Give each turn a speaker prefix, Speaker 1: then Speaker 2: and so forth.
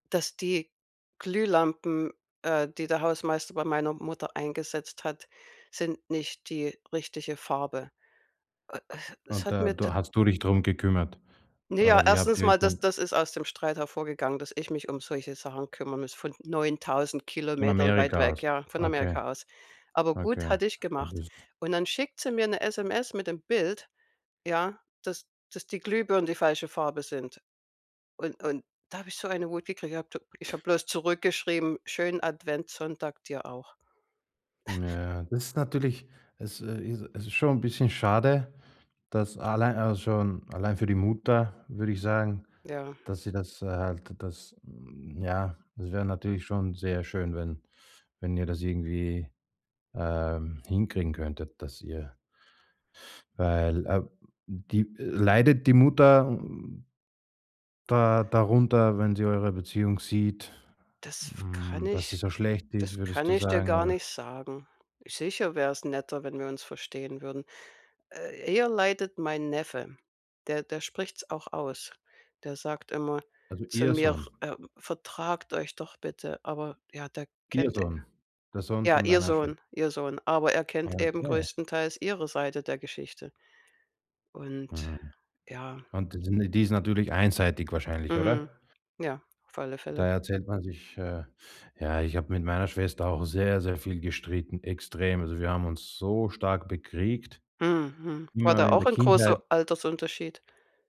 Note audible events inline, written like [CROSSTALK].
Speaker 1: Dass die Glühlampen, äh, die der Hausmeister bei meiner Mutter eingesetzt hat sind nicht die richtige Farbe. Äh äh, es
Speaker 2: Und
Speaker 1: hat
Speaker 2: da
Speaker 1: mir tat
Speaker 2: du hast du dich drum gekümmert
Speaker 1: Ne ja,
Speaker 2: oder wie habt
Speaker 1: 1.
Speaker 2: ihr
Speaker 1: mal, das
Speaker 2: dann
Speaker 1: das ist aus dem Streit hervorgegangen, dass ich mich um solche Sachen kümmern muss, von neuntausend
Speaker 2: Von
Speaker 1: Kilometern weit
Speaker 2: Amerika
Speaker 1: weg,
Speaker 2: aus.
Speaker 1: ja, von
Speaker 2: Okay.
Speaker 1: Amerika aus. Aber gut,
Speaker 2: Okay.
Speaker 1: hatte ich
Speaker 2: Ja,
Speaker 1: gemacht
Speaker 2: das
Speaker 1: und dann schickt sie mir 'ne SMS mit dem Bild, ja, dass dass die Glühbirnen die falsche Farbe sind und und da habe ich so eine Wut gekriegt. Ich habe d ich habe bloß zurückgeschrieben, schönen Adventssonntag dir auch. [CHUCKLES]
Speaker 2: Ja, das ist natürlich es äh, is es ist schon 'n bisschen schade, dass allein also schon allein für die Mutter würde ich sagen,
Speaker 1: Ja.
Speaker 2: dass sie das, äh, halt das ja es wäre natürlich schon sehr schön, wenn wenn ihr das irgendwie, ähm, hinkriegen könntet, dass ihr weil, äh, di leidet die Mutter n da darunter, wenn sie eure Beziehung sieht,
Speaker 1: Das f kann
Speaker 2: hm, dass sie
Speaker 1: ich
Speaker 2: so schlecht ist,
Speaker 1: das
Speaker 2: würdest
Speaker 1: kann
Speaker 2: du
Speaker 1: ich dir
Speaker 2: sagen,
Speaker 1: gar
Speaker 2: oder
Speaker 1: nicht sagen. Sicher wär's netter, wenn wir uns verstehen würden. Äh, eher leidet mein Neffe, der der spricht's auch aus. Der sagt immer
Speaker 2: Also
Speaker 1: zu
Speaker 2: ihr
Speaker 1: mir,
Speaker 2: Sohn.
Speaker 1: äh: „Vertragt euch doch bitte“, aber ja, der
Speaker 2: Ihr
Speaker 1: kennt
Speaker 2: Sohn, der Sohn
Speaker 1: ja,
Speaker 2: von
Speaker 1: ihr
Speaker 2: deiner Schwe
Speaker 1: Sohn ihr Sohn, aber er
Speaker 2: Ah,
Speaker 1: kennt eben
Speaker 2: okay.
Speaker 1: größtenteils ihre Seite der Geschichte und
Speaker 2: Mhm.
Speaker 1: ja.
Speaker 2: Und die sin die ist natürlich einseitig wahrscheinlich,
Speaker 1: Mhm,
Speaker 2: oder?
Speaker 1: ja, auf alle Fälle.
Speaker 2: Da erzählt man sich, äh, ja ich habe mit meiner Schwester auch sehr, sehr viel gestritten, extrem. Also, wir haben uns so stark bekriegt,
Speaker 1: Mhm, mhm. War
Speaker 2: immer
Speaker 1: da
Speaker 2: in
Speaker 1: auch
Speaker 2: der
Speaker 1: ein großer
Speaker 2: Kindheit.
Speaker 1: Altersunterschied.